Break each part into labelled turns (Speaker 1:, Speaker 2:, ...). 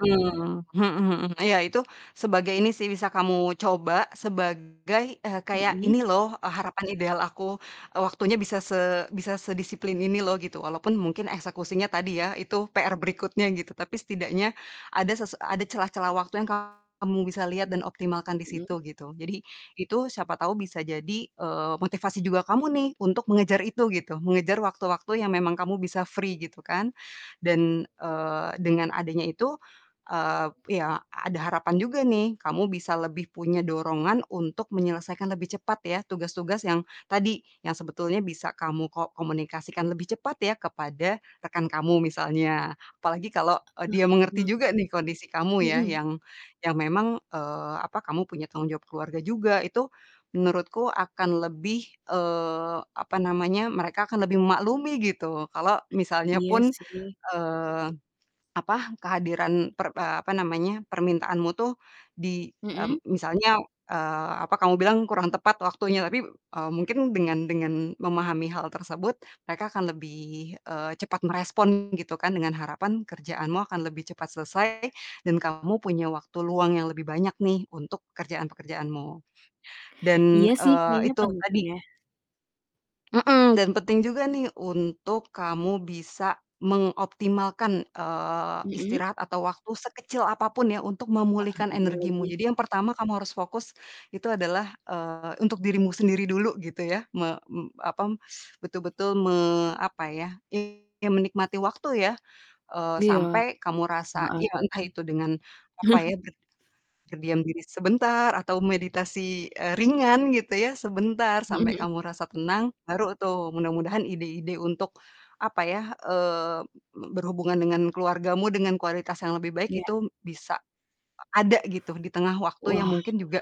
Speaker 1: Mmm, mhm mhm. Iya, itu sebagai ini sih bisa kamu coba sebagai, eee, kayak ini
Speaker 2: Mhm.
Speaker 1: loh, eee, harapan ideal aku. Eee, waktunya bisa se bisa sedisiplin ini loh gitu. Walaupun mungkin eksekusinya tadi ya, itu PR berikutnya gitu, tapi setidaknya ada sese ada celah-celah waktu yang kamu bisa liat dan optimalkan di
Speaker 2: Mmm.
Speaker 1: situ gitu. Jadi itu siapa tau bisa jadi, eee, motivasi juga kamu nih untuk mengejar itu gitu. Mengejar waktu-waktu yang memang kamu bisa free gitu kan. Dan, eee, dengan adanya itu, eee, ya ada harapan juga nih kamu bisa lebih punya dorongan untuk menyelesaikan lebih cepat ya tugas-tugas yang tadi, yang sebetulnya bisa kamu ko komunikasikan lebih cepat ya, kepada rekan kamu misalnya. Apalagi kalo, eee,
Speaker 2: E Wah,
Speaker 1: dia mengerti
Speaker 2: me
Speaker 1: juga nih kondisi kamu ya,
Speaker 2: Mhm.
Speaker 1: yang yang memang, eee, apa, kamu punya tanggung jawab keluarga juga, itu menurutku akan lebih, eee, apa namanya, mereka akan lebih memaklumi gitu kalo misalnya
Speaker 2: Iya
Speaker 1: pun,
Speaker 2: sih.
Speaker 1: eee, apa, kehadiran per apa namanya, permintaanmu tuh di
Speaker 2: Mhm.
Speaker 1: mmm, misalnya, eee, apa kamu bilang kurang tepat waktunya. Tapi, eee, mungkin dengan dengan memahami hal tersebut mereka akan lebih, eee, cepat merespon gitu kan. Dengan harapan kerjaanmu akan lebih cepat selesai dan kamu punya waktu luang yang lebih banyak nih untuk pekerjaan-pekerjaanmu.
Speaker 2: Iya
Speaker 1: Dan,
Speaker 2: sih,
Speaker 1: eee,
Speaker 2: kayaknya
Speaker 1: itu
Speaker 2: penting
Speaker 1: tadi
Speaker 2: ya.
Speaker 1: Mhm, dan penting juga nih untuk kamu bisa mengoptimalkan, eee,
Speaker 2: Mhm.
Speaker 1: istirahat atau waktu sekecil apa pun ya untuk
Speaker 2: Ah,
Speaker 1: memulihkan
Speaker 2: iya
Speaker 1: energimu.
Speaker 2: lagi.
Speaker 1: Jadi yang pertama kamu harus fokus itu adalah, eee, untuk dirimu sendiri dulu gitu ya. Me mmm, apa, betul-betul me apa ya, I ya menikmati waktu ya, eee,
Speaker 2: Iya.
Speaker 1: sampai kamu
Speaker 2: Nggak
Speaker 1: rasa ya
Speaker 2: ada
Speaker 1: entah
Speaker 2: nih.
Speaker 1: itu dengan apa ya, ber berdiam diri sebentar atau meditasi, eee, ringan gitu ya sebentar
Speaker 2: Mhm
Speaker 1: sampai
Speaker 2: mhm.
Speaker 1: kamu rasa tenang baru tuh mudah-mudahan ide-ide untuk apa ya, eee, be berhubungan dengan keluargamu dengan kualitas yang lebih baik
Speaker 2: Iya.
Speaker 1: itu bisa a ada gitu di tengah waktu yang
Speaker 2: Wah,
Speaker 1: mungkin juga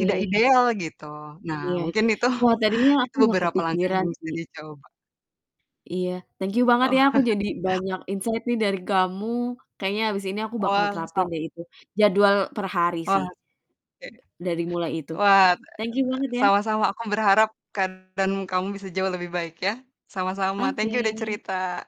Speaker 1: tidak ideal gitu. Nah,
Speaker 2: Iya.
Speaker 1: mungkin itu,
Speaker 2: Wah, tadinya
Speaker 1: itu
Speaker 2: aku nggak
Speaker 1: beberapa langkah yang
Speaker 2: kepikiran
Speaker 1: bisa
Speaker 2: sih.
Speaker 1: dicoba.
Speaker 2: Iya, thank you banget ya.
Speaker 1: Oh.
Speaker 2: Aku jadi banyak insight nih dari kamu. Kayaknya abis ini aku bakal terapin
Speaker 1: Wangsa
Speaker 2: deh itu jadwal per hari
Speaker 1: Wah.
Speaker 2: sih.
Speaker 1: Oke.
Speaker 2: Dari mulai itu.
Speaker 1: Wah,
Speaker 2: Thank you banget ya.
Speaker 1: sama-sama, aku berharap keadaan kamu bisa jauh lebih baik ya. Sama-sama, thank
Speaker 2: Oke.
Speaker 1: you udah cerita.